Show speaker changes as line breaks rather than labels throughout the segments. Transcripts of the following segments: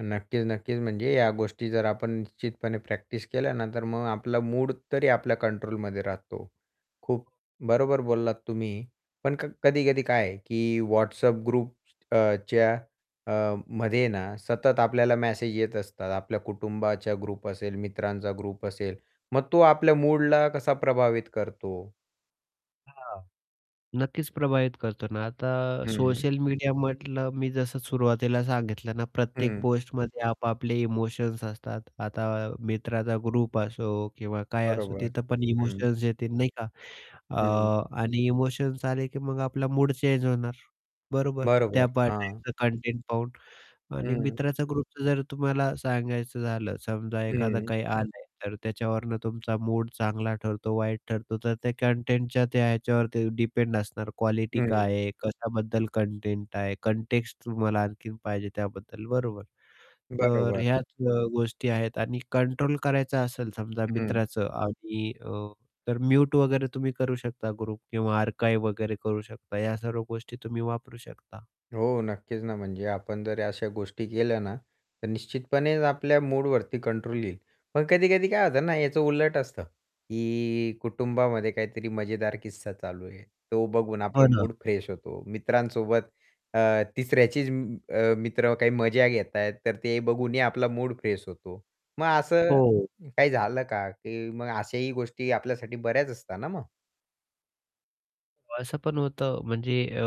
नक्कीच, नक्कीच, म्हणजे या गोष्टी जर आपण निश्चितपणे प्रॅक्टिस केल्या ना, तर मग आपला मूड तरी आपल्या कंट्रोलमध्ये राहतो. खूप बरोबर बोललात तुम्ही, पण क कधी-कधी काय की WhatsApp ग्रुपच्या अ, मध्ये ना सतत आपल्याला मॅसेज येत असतात, आपल्या कुटुंबाच्या ग्रुप असेल, मित्रांचा ग्रुप असेल, मग तो आपल्या मूडला कसा प्रभावित करतो?
हां. नक्कीच, प्रभावित करतो ना आता,
हं.
सोशल मीडिया म्हटलं, मी जसं सुरुवातीला सांगितलं ना, प्रत्येक
हं.
पोस्टमध्ये आपआपले इमोशन्स असतात. आता मित्राचा ग्रुप असो किंवा काय असो,
बरोबर.
तिथं पण
हं.
इमोशन्स येते नाही का.
हं.
अ, आणि इमोशन्स आले, की मग आपला मूड चेंज होणार, बरोबर?
बरोबर.
त्याचं त्या
हां.
[unintelligible] कंटेंट पाहून आणि
हं.
मित्राचा ग्रुपचं जर तुम्हाला सांगायचं झालं. समजा एखादं
हं.
काही आलंय, तर त्याच्यावरून तुमचा मूड चांगला ठरतो, वाईट ठरतो. तर त्या कंटेंटच्या त्या ह्याच्यावरती डिपेंड असणार. क्वालिटी
हं.
काय आहे, कशाबद्दल कंटेंट आहे, कंटेक्स्ट तुम्हाला आणखीन पाहिजे त्याबद्दल, बरोबर? तर
बरोबर.
ह्याच अ, गोष्टी आहेत आणि कंट्रोल करायचं असेल समजा
हं.
मित्राचं आणि अ, तर म्युट वगैरे तुम्ही करू शकता. ग्रुप किंवा आर्काइव्ह वगैरे करू शकता या सर्व गोष्टी तुम्ही वापरू शकता.
हो. नक्कीच ना, म्हणजे आपण जर अशा गोष्टी केल्या ना, तर निश्चितपणेच आपल्या मूडवरती कंट्रोल येईल. पण कधी-कधी काय होतं ना, याचं उलट असतं, की कुटुंबामध्ये काहीतरी मजेदार किस्सा चालू आहे, तो बघून
हो
आपला
ना.
मूड फ्रेश होतो. मित्रांसोबत अ, तिसऱ्याचीच अ, मित्र काही मजा घेत आहेत, तर ते बघूनही आपला मूड फ्रेश होतो. मग असं
हो.
काही झालं का, की मग अशाही गोष्टी आपल्यासाठी बऱ्याच असतात ना मग?
असं पण होतं. म्हणजे अ,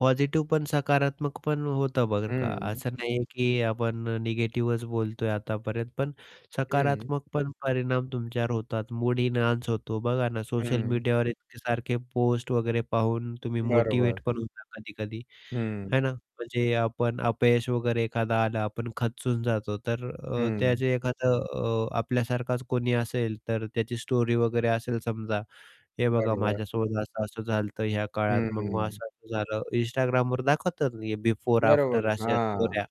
पॉझिटिव पण, सकारात्मक पण होतं बरं का.
हं.
असं नाही आहे, की आपण अ, निगेटिव्हच बोलतोय आतापर्यंत, पण
हं.
सकारात्मक पण परिणाम तुमच्यावर होतात. मूड एनहान्स होतो, बघा ना. सोशल
हं.
मीडियावर इतके सारखे पोस्ट वगैरे पाहून तुम्ही
बरोबर.
मोटिव्हेट पण होता. कधी-कधी,
हं.
आहे ना. म्हणजे आपण अपयश वगैरे एखादा आला, आपण खचून जातो. तर अ,
हं.
त्याचे एखादं अ, आपल्यासारखाच कोणी असेल, तर त्याची स्टोरी वगैरे असेल समजा, हे बघा
बरोबर.
माझ्यासोबत असं-असं झालं होतं, ह्या
हं,
काळात,
हं,
मग
हं.
असं-असं झालं Instagramवर दाखवतात ना हे, बिफोर, आफ्टर
बरोबर.
अशा
हां.
स्टोऱ्या.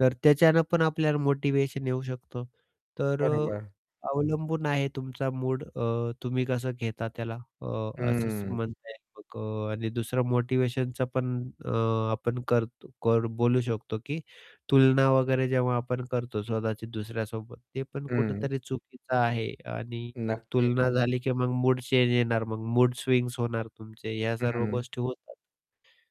तर त्याच्यानं पण आपल्याला मोटिवेशन येऊ शकतो. तर अ,
बरोबर.
अवलंबून आहे, तुमचा मूड अ, तुम्ही कसं घेता त्याला, अ, असंच
हं.
म्हणता येईल आणि दुसरं मोटिवेशनचं पण अ, आपण करतो कर बोलू शकतो की तुलना वगैरे जेव्हा आपण करतो, स्वतःची दुसऱ्यासोबत, ते पण
हं.
कुठेतरी चुकीचं आहे आणि
नक्की
तुलना झाली की मग मूड चेंज येणार, मग मूड स्विंग्स होणार तुमचे, या सर्व
हं.
गोष्टी होतात.